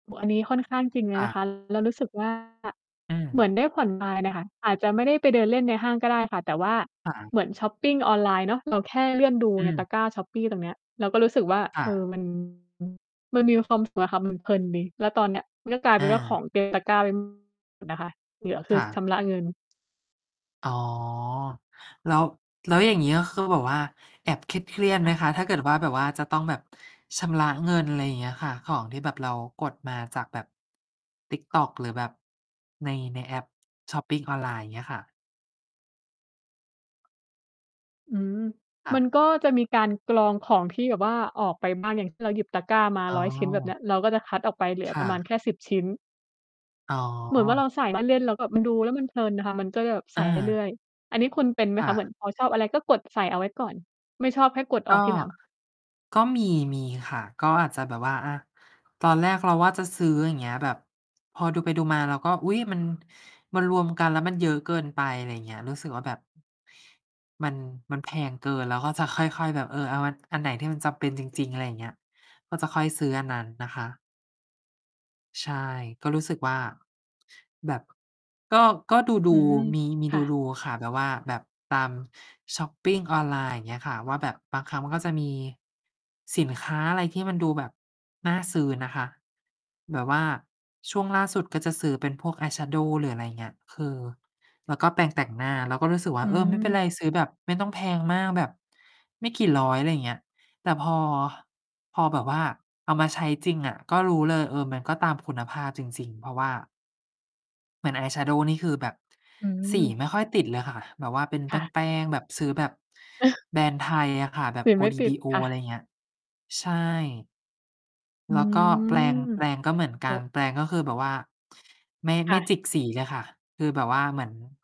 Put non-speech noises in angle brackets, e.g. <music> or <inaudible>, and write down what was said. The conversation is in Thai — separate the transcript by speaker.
Speaker 1: โอ้ อันนี้ค่อนข้างจริงเลย
Speaker 2: อ
Speaker 1: นะ ค
Speaker 2: า
Speaker 1: ะ แล้วรู้สึก ว่า
Speaker 2: อือ
Speaker 1: เหมือนได้ผ่อนคลาย น่ะค่ะ อาจจะไม่ได้ไปเดินเล่นในห้างก็ได้ค่ะ แต่ว่า
Speaker 2: อา
Speaker 1: เหมือนชอปปิงออนไลน์เนาะ เราแค่เลื่อนดู
Speaker 2: อื
Speaker 1: ในต
Speaker 2: อ
Speaker 1: ะกร้า Shopee ตรงนี้ เราก็รู้สึกว่า
Speaker 2: อ
Speaker 1: เออ
Speaker 2: า
Speaker 1: มัน มันมีความสุขนะค่ะ มันเพลินดี แล้วตอนเนี้ยก็กลายเป
Speaker 2: อ
Speaker 1: ็นว่าขอ
Speaker 2: า
Speaker 1: ง เต็มตะกร้าไป หมดนะคะ เหลือค
Speaker 2: ค
Speaker 1: ือ
Speaker 2: ่
Speaker 1: ช
Speaker 2: ะ
Speaker 1: ำระเงิน
Speaker 2: อ๋อ แล้ว แล้วอย่างงี้ ก็คือแบบว่าแอบเครียด ๆ
Speaker 1: ค
Speaker 2: ไห
Speaker 1: ่
Speaker 2: ม
Speaker 1: ะ
Speaker 2: คะ? ถ้าเกิดว่าแบบว่าจะต้องแบบชำระเงิน อะไรอย่างเงี้ยค่ะ ของที่แบบเรากดมาจากแบ TikTok หรือแบบ ใน ในแอป ชอปปิงออนไลน์ อย่างเงี้ยค่ะ
Speaker 1: อืม
Speaker 2: ค่
Speaker 1: มั
Speaker 2: ะ
Speaker 1: นก็จะมีการกรองของที่แบบว่า ออกไปบ้างอย่างที่เราหยิบตะกร้ามา
Speaker 2: อ๋อ
Speaker 1: 100 ชิ้นแบบเนี้ย เราก็จะคัดออกไปเหลือ
Speaker 2: ค
Speaker 1: ป
Speaker 2: ่
Speaker 1: ระมาณ
Speaker 2: ะ
Speaker 1: แค่ 10 ชิ้น
Speaker 2: อ๋อ
Speaker 1: เหมือนว่าเราใส่มาเล่น แล้วแบบมันดูแล้ว มันเพลินค่ะ มันก็เลยแบบ ใส
Speaker 2: อ
Speaker 1: ่ เรื่
Speaker 2: า
Speaker 1: อย ๆ อันนี้คุณเป็นไหม
Speaker 2: ค่
Speaker 1: คะ? เหม
Speaker 2: ะ
Speaker 1: ือนพอชอบอะไร ก็กดใส่เอาไว้ก่อน ไม่ชอบแค่กดอ
Speaker 2: ก
Speaker 1: อ
Speaker 2: ็
Speaker 1: กทีหลัง
Speaker 2: ก็มี มีค่ะ ก็อาจจะแบบว่า อา ตอนแรกเราว่าจะซื้อ อย่างเงี้ย แบบพอดูไปดูมา เราก็ อุ๊ย มัน มันรวมกัน แล้วมันเยอะเกินไป อะไรอย่างเงี้ย รู้สึกว่าแบบ มัน มันแพงเกิน เราก็จะค่อย ๆ แบบ เออ เอาอัน อันไหนที่มันจำเป็นจริง ๆ อะไรอย่างเงี้ย ก็จะค่อยซื้ออันนั้นนะคะ ใช่ ก็รู้สึกว่า แบบก็ ก็ด
Speaker 1: อื
Speaker 2: ู
Speaker 1: ม
Speaker 2: ๆ มี มี
Speaker 1: ค่ะ
Speaker 2: ดู ๆ ค่ะ แบบว่าแบบตามชอปปิงออนไลน์ อย่างเงี้ยค่ะว่า แบบบางครั้งมันก็จะมีสินค้าอะไรที่มันดูแบบน่าซื้อนะคะ แบบว่าช่วงล่าสุดก็จะซื้อเป็นพวกอายแชโดว์ หรืออะไรอย่างเงี้ย คือ แล้วก็แปรงแต่งหน้า เราก็รู้สึกว่
Speaker 1: อ
Speaker 2: า
Speaker 1: ื
Speaker 2: เออ ไม่เป็น
Speaker 1: ม
Speaker 2: ไร ซื้อแบบไม่ต้องแพงมากแบบไม่กี่ร้อย อะไรอย่างเงี้ย แต่พอ พอแบบว่าเอามาใช้จริงอะ ก็รู้เลย เออ มันก็ตามคุณภาพจริง ๆ เพราะว่า เหมือนอายแชโดว์นี่คือแบบ
Speaker 1: อื
Speaker 2: สี
Speaker 1: ม
Speaker 2: ไม่ค่อยติดเลยค่ะ แบบว่าเป็น
Speaker 1: ค
Speaker 2: แ
Speaker 1: ่ะ
Speaker 2: ป้ง ๆ แบบซื้อแบบแบรนด์ไทยอะค่ะ แบ
Speaker 1: ส
Speaker 2: บ
Speaker 1: ี
Speaker 2: โอ
Speaker 1: ไม่
Speaker 2: ดี
Speaker 1: ติ
Speaker 2: บ
Speaker 1: ด
Speaker 2: ีโอ
Speaker 1: ค่
Speaker 2: อะ
Speaker 1: ะ
Speaker 2: ไรอย่างเงี้ย ใช่
Speaker 1: อื
Speaker 2: แล้วก็แปร
Speaker 1: ม
Speaker 2: ง แปรงก็เหมือน
Speaker 1: โ
Speaker 2: ก
Speaker 1: อ
Speaker 2: ัน
Speaker 1: ้
Speaker 2: แปรงก็คือแบบว่า <sniffs> ไม่
Speaker 1: ค
Speaker 2: ไ
Speaker 1: ่
Speaker 2: ม่
Speaker 1: ะ
Speaker 2: จิกสีเลยค่ะ คือแบบว่าเหมือน